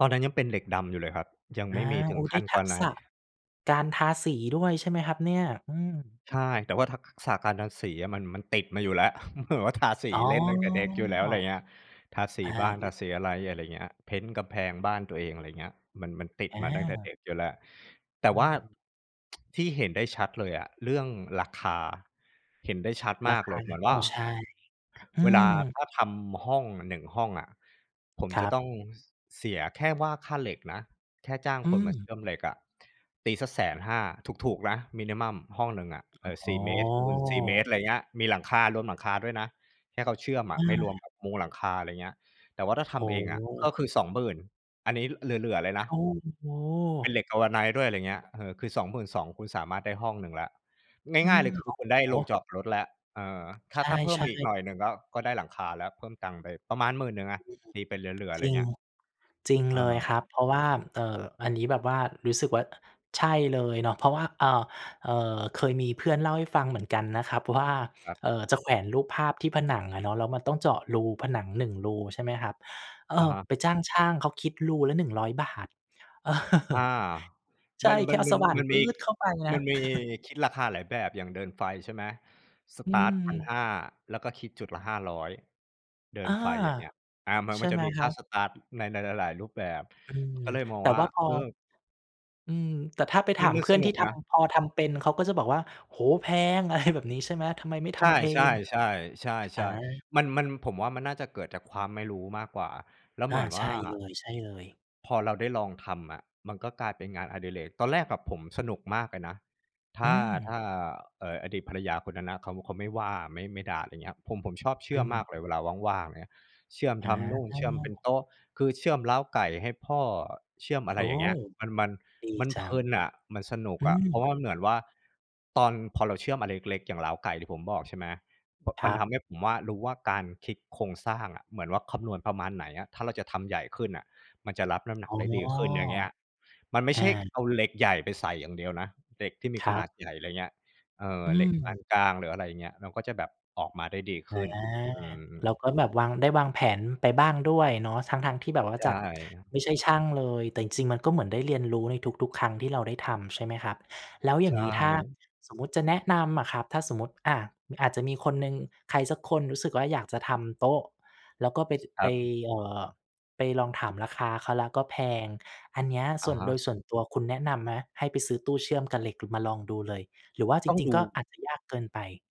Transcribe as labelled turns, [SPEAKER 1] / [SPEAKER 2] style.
[SPEAKER 1] ตอนนั้นยังเป็นเหล็กดำอยู่เลยครับ ยัง
[SPEAKER 2] อ
[SPEAKER 1] ไ
[SPEAKER 2] า
[SPEAKER 1] ม่มีถ
[SPEAKER 2] โ
[SPEAKER 1] ึ
[SPEAKER 2] อ้
[SPEAKER 1] ง
[SPEAKER 2] ไ
[SPEAKER 1] ข
[SPEAKER 2] ด้
[SPEAKER 1] ั้น
[SPEAKER 2] ทักษะ
[SPEAKER 1] Galvanize
[SPEAKER 2] การทาสีด้วยใช่ไหมครับเนี่ย? อืม
[SPEAKER 1] ใช่ แต่ว่าทัก ส ษะการทาสีอะ มัน มันติดมาอยู่แล้ว เหมือนว่าทา สี
[SPEAKER 2] อ้อ
[SPEAKER 1] เล่นตั้งแต่เด็กอยู่แล้ว ไรเงี้ย ทาส
[SPEAKER 2] อ
[SPEAKER 1] ี
[SPEAKER 2] า
[SPEAKER 1] บ้าน
[SPEAKER 2] น
[SPEAKER 1] ทา
[SPEAKER 2] ะ
[SPEAKER 1] สีอะไร อะไรเงี้ย เพนต์กำแพงบ้านตัวเอง อะไรเงี้ย มัน มันติด
[SPEAKER 2] อ
[SPEAKER 1] มาตั้งแต่เด
[SPEAKER 2] า
[SPEAKER 1] ็กอยู่แล้ว แต่
[SPEAKER 2] อ
[SPEAKER 1] ว่า
[SPEAKER 2] ืม
[SPEAKER 1] ที่เห็นได้ชัดเลยอะเรื่องราคา เห็นได้ชัด
[SPEAKER 2] ร
[SPEAKER 1] ม
[SPEAKER 2] า
[SPEAKER 1] าก
[SPEAKER 2] ค
[SPEAKER 1] เล
[SPEAKER 2] า?
[SPEAKER 1] ยเหมือน
[SPEAKER 2] โอ
[SPEAKER 1] ว
[SPEAKER 2] ้
[SPEAKER 1] ่า
[SPEAKER 2] ใช่ อื
[SPEAKER 1] เวลา
[SPEAKER 2] ม
[SPEAKER 1] ถ้าทำห้อง 1 ห้องอะ ผม
[SPEAKER 2] คร
[SPEAKER 1] จะ
[SPEAKER 2] ั
[SPEAKER 1] ต้อ
[SPEAKER 2] บ
[SPEAKER 1] ง ส เสียแค่ว่าค่าเหล็กนะ แค่จ้าง
[SPEAKER 2] อื
[SPEAKER 1] คนมาเช
[SPEAKER 2] ม
[SPEAKER 1] ื่อมเหล็กอะ ตีสัก 150,000 ถูก ๆ นะ มินิมัม ห้องหนึ่งอะ
[SPEAKER 2] อ
[SPEAKER 1] ส
[SPEAKER 2] ๋
[SPEAKER 1] ี่ เมตร คูณ 4 เม
[SPEAKER 2] อ
[SPEAKER 1] ตร อะไรเงี้ย มีหลังคา รวมหลังคาด้วยนะ ให้เขาเชื่อม
[SPEAKER 2] เ
[SPEAKER 1] อะ ไม่รว
[SPEAKER 2] อ
[SPEAKER 1] ม
[SPEAKER 2] อ
[SPEAKER 1] แบบมุงหลังคา อะไรเงี้ย แต่ว่าถ้าท
[SPEAKER 2] โอ้
[SPEAKER 1] ำเอง
[SPEAKER 2] โ
[SPEAKER 1] อะ ก็
[SPEAKER 2] ฮ
[SPEAKER 1] คือ 20,000 อันนี้เหลือ ๆ เลยนะ
[SPEAKER 2] โอ้โ
[SPEAKER 1] เป็น
[SPEAKER 2] ฮ
[SPEAKER 1] เหล็ก Galvanize ด้วย ไรเงี้ย เออ คือ 22,000 คุณสามารถได้ห้องหนึ่งแล้ว
[SPEAKER 2] อื
[SPEAKER 1] ง่าย ๆ เ
[SPEAKER 2] ม
[SPEAKER 1] ลย คื
[SPEAKER 2] โอ
[SPEAKER 1] อ
[SPEAKER 2] ้
[SPEAKER 1] คุณได้
[SPEAKER 2] โ
[SPEAKER 1] โ
[SPEAKER 2] ฮ!
[SPEAKER 1] รงจอดรถแล้ว เออ ถ
[SPEAKER 2] ใ
[SPEAKER 1] ้า ถ้าเพิ่
[SPEAKER 2] ช
[SPEAKER 1] มไป
[SPEAKER 2] ่
[SPEAKER 1] อีกหน่
[SPEAKER 2] ๆ
[SPEAKER 1] อยหนึ่งก็ ก็ได้หลังคาแล้ว เพิ่มตังค์ไปประมาณ 10,000 อะ
[SPEAKER 2] อืม
[SPEAKER 1] ตีไปเหลือ ๆ
[SPEAKER 2] จ
[SPEAKER 1] ไร
[SPEAKER 2] ริง
[SPEAKER 1] เงี้ย
[SPEAKER 2] จริงเลยคร
[SPEAKER 1] เออ
[SPEAKER 2] ับ เพราะว่า เอ่อ อันนี้แบบว่ารู้สึกว่า ใช่เลยเนาะ เพราะว่า เอ่อ เอ่อ เคยมีเพื่อนเล่าให้ฟังเหมือนกันนะครับว่า
[SPEAKER 1] ครับ
[SPEAKER 2] เอ่อ จะแขวนรูปภาพที่ผนังอะเนาะ แล้วมันต้องเจาะรูผนัง 1 รู ใช่ไหมครับ เอ
[SPEAKER 1] อะ
[SPEAKER 2] อ
[SPEAKER 1] ฮะ
[SPEAKER 2] ไปจ้างช่างเขาคิดรูละ 100 บาท เออ
[SPEAKER 1] อา
[SPEAKER 2] ใช
[SPEAKER 1] ม
[SPEAKER 2] ่
[SPEAKER 1] ัน
[SPEAKER 2] แ
[SPEAKER 1] ม
[SPEAKER 2] ค
[SPEAKER 1] ั
[SPEAKER 2] ่
[SPEAKER 1] น
[SPEAKER 2] เอา
[SPEAKER 1] มั
[SPEAKER 2] ส
[SPEAKER 1] น
[SPEAKER 2] ว่าน
[SPEAKER 1] มัน
[SPEAKER 2] ป
[SPEAKER 1] ม
[SPEAKER 2] ื
[SPEAKER 1] ี
[SPEAKER 2] ๊ดเข้าไปน
[SPEAKER 1] ม
[SPEAKER 2] ะ
[SPEAKER 1] ันมีคิดราคาหลายแบบ อย่างเดินไฟ ใช่ไหม ส
[SPEAKER 2] อื
[SPEAKER 1] ตาร์ต พัน
[SPEAKER 2] ม
[SPEAKER 1] ห้า แล้วก็คิดจุดละ 500 เดิ
[SPEAKER 2] อ
[SPEAKER 1] น
[SPEAKER 2] า
[SPEAKER 1] ไฟ อย่างเงี้ย อา มัน
[SPEAKER 2] ใช
[SPEAKER 1] ม
[SPEAKER 2] ่
[SPEAKER 1] ันจ
[SPEAKER 2] ไ
[SPEAKER 1] ะ
[SPEAKER 2] หม
[SPEAKER 1] มี
[SPEAKER 2] ค
[SPEAKER 1] ค
[SPEAKER 2] รั
[SPEAKER 1] ่า
[SPEAKER 2] บ?
[SPEAKER 1] สตาร์ต ในหลาย ๆ รูปแบบ
[SPEAKER 2] อืม
[SPEAKER 1] ก็เลยมอ
[SPEAKER 2] แ
[SPEAKER 1] ง
[SPEAKER 2] ต่
[SPEAKER 1] ว่
[SPEAKER 2] ว
[SPEAKER 1] า
[SPEAKER 2] ่าพอ
[SPEAKER 1] เออ
[SPEAKER 2] อืม แต่ถ้าไปถ
[SPEAKER 1] มั
[SPEAKER 2] า
[SPEAKER 1] น
[SPEAKER 2] ม
[SPEAKER 1] มั
[SPEAKER 2] เ
[SPEAKER 1] น
[SPEAKER 2] พื่
[SPEAKER 1] ส
[SPEAKER 2] อน
[SPEAKER 1] น
[SPEAKER 2] ที
[SPEAKER 1] ุ
[SPEAKER 2] ่
[SPEAKER 1] ก
[SPEAKER 2] ท
[SPEAKER 1] นะ
[SPEAKER 2] ำ พอทำเป็น เขาก็จะบอกว่า "โอ้โฮ! แพง" อะไรแบบนี้ ใช่ไหม "ทำไมไม่ท
[SPEAKER 1] ใช่
[SPEAKER 2] ำเอง?" อ
[SPEAKER 1] ๆ ๆ ๆ
[SPEAKER 2] า
[SPEAKER 1] ๆ มัน มัน ผมว่า มันน่าจะเกิดจากความไม่รู้มากกว่า แล้ว
[SPEAKER 2] อ
[SPEAKER 1] เ
[SPEAKER 2] า
[SPEAKER 1] หมือน
[SPEAKER 2] ใช
[SPEAKER 1] ว่
[SPEAKER 2] ่
[SPEAKER 1] า
[SPEAKER 2] เลย ๆ
[SPEAKER 1] พอเราได้ลองทำอะมันก็กลายเป็นงานอดิเรก ตอนแรกแบบผมสนุกมากเลยนะ ถ
[SPEAKER 2] อื
[SPEAKER 1] ้า ถ
[SPEAKER 2] ม
[SPEAKER 1] ้า เอ่อ อดีตภรรยาคนนั้นนะ เขา เขาไม่ว่า ไม่ ไม่ด่า ไรเงี้ย ผม ผมชอบเช
[SPEAKER 2] อ
[SPEAKER 1] ื่อมมา
[SPEAKER 2] ืม
[SPEAKER 1] กเลยเวลาว่าง ๆ ไรเงี้ย เชื่อม
[SPEAKER 2] อ
[SPEAKER 1] ทำนู่น เชื่อมเป็นโต
[SPEAKER 2] า
[SPEAKER 1] ๊ะ คือเชื่อมเล้าไก่ให้พ่อ เชื่อม อะ
[SPEAKER 2] โ
[SPEAKER 1] ไ
[SPEAKER 2] อ
[SPEAKER 1] ร
[SPEAKER 2] ้!
[SPEAKER 1] อย่างเงี้ย มัน มัน
[SPEAKER 2] ดี
[SPEAKER 1] มัน
[SPEAKER 2] จ
[SPEAKER 1] เ
[SPEAKER 2] ั
[SPEAKER 1] พล
[SPEAKER 2] ง
[SPEAKER 1] ินอะ มันสนุก
[SPEAKER 2] อื
[SPEAKER 1] อะ เพรา
[SPEAKER 2] ม
[SPEAKER 1] ะว่ามันเหมือนว่า ตอน พอเราเชื่อมอะไรเล็ก ๆ อย่างเล้าไก่ที่ผมบอก ใช่ไหม บ
[SPEAKER 2] ค
[SPEAKER 1] มั
[SPEAKER 2] ร
[SPEAKER 1] น
[SPEAKER 2] ั
[SPEAKER 1] ท
[SPEAKER 2] บ
[SPEAKER 1] ำให้ผมว่า รู้ว่า การคิดโครงสร้างอะ เหมือนว่าคำนวณประมาณไหนอะ ถ้าเราจะทำใหญ่ขึ้นอะมันจะรับน้ำหนั
[SPEAKER 2] อ
[SPEAKER 1] ก
[SPEAKER 2] ๋อ
[SPEAKER 1] ได้ดีขึ้น อย่างเงี้ย มันไม่
[SPEAKER 2] อ
[SPEAKER 1] ใช่
[SPEAKER 2] า
[SPEAKER 1] เอาเหล็กใหญ่ไปใส่อย่างเดียวนะ เหล็กที่มี
[SPEAKER 2] ค
[SPEAKER 1] ข
[SPEAKER 2] รั
[SPEAKER 1] น
[SPEAKER 2] บ
[SPEAKER 1] าดใหญ่ ไรเงี้ย เออ
[SPEAKER 2] อื
[SPEAKER 1] เหล็กปา
[SPEAKER 2] ม
[SPEAKER 1] นกลาง หรืออะไรอย่างเงี้ย เราก็จะแบบออกมาได้ดีข
[SPEAKER 2] อา
[SPEAKER 1] ึ้น อืม
[SPEAKER 2] แล้
[SPEAKER 1] ๆ
[SPEAKER 2] วก็แบบวาง ได้วางแผนไปบ้างด้วยเนาะ ทั้ง ๆ ที่แบบว่า
[SPEAKER 1] ใช
[SPEAKER 2] จากไ
[SPEAKER 1] ่
[SPEAKER 2] ม่ใช่ช่างเลย แต่จริง ๆ มันก็เหมือนได้เรียนรู้ในทุก ๆ ครั้งที่เราได้ทำใช่ไหมครับ? แล้วอย
[SPEAKER 1] ใช
[SPEAKER 2] ่างงี้ ถ้า
[SPEAKER 1] ่
[SPEAKER 2] สมมุติจะแนะนำอะครับ ถ้าสมมุติ อ่า อาจจะมีคนหนึ่ง ใครสักคนรู้สึกว่า อยากจะทำโต๊ะ แล้วก็ไป
[SPEAKER 1] ค
[SPEAKER 2] ไ
[SPEAKER 1] ร
[SPEAKER 2] ป
[SPEAKER 1] ับ
[SPEAKER 2] เอ่อ ไปลองถามราคาเขาแล้วก็แพง อันเนี้ย
[SPEAKER 1] อ
[SPEAKER 2] ส
[SPEAKER 1] ะ
[SPEAKER 2] ่วน
[SPEAKER 1] ฮ
[SPEAKER 2] โด
[SPEAKER 1] ะ
[SPEAKER 2] ยส่วนตัวคุณแนะนำไหม? ให้ไปซื้อตู้เชื่อมกับเหล็กมาลองดูเลย หรือว่าจ
[SPEAKER 1] ต้อง
[SPEAKER 2] ริ
[SPEAKER 1] ด
[SPEAKER 2] ง ๆ ก
[SPEAKER 1] ู
[SPEAKER 2] ็อาจจะยากเกินไป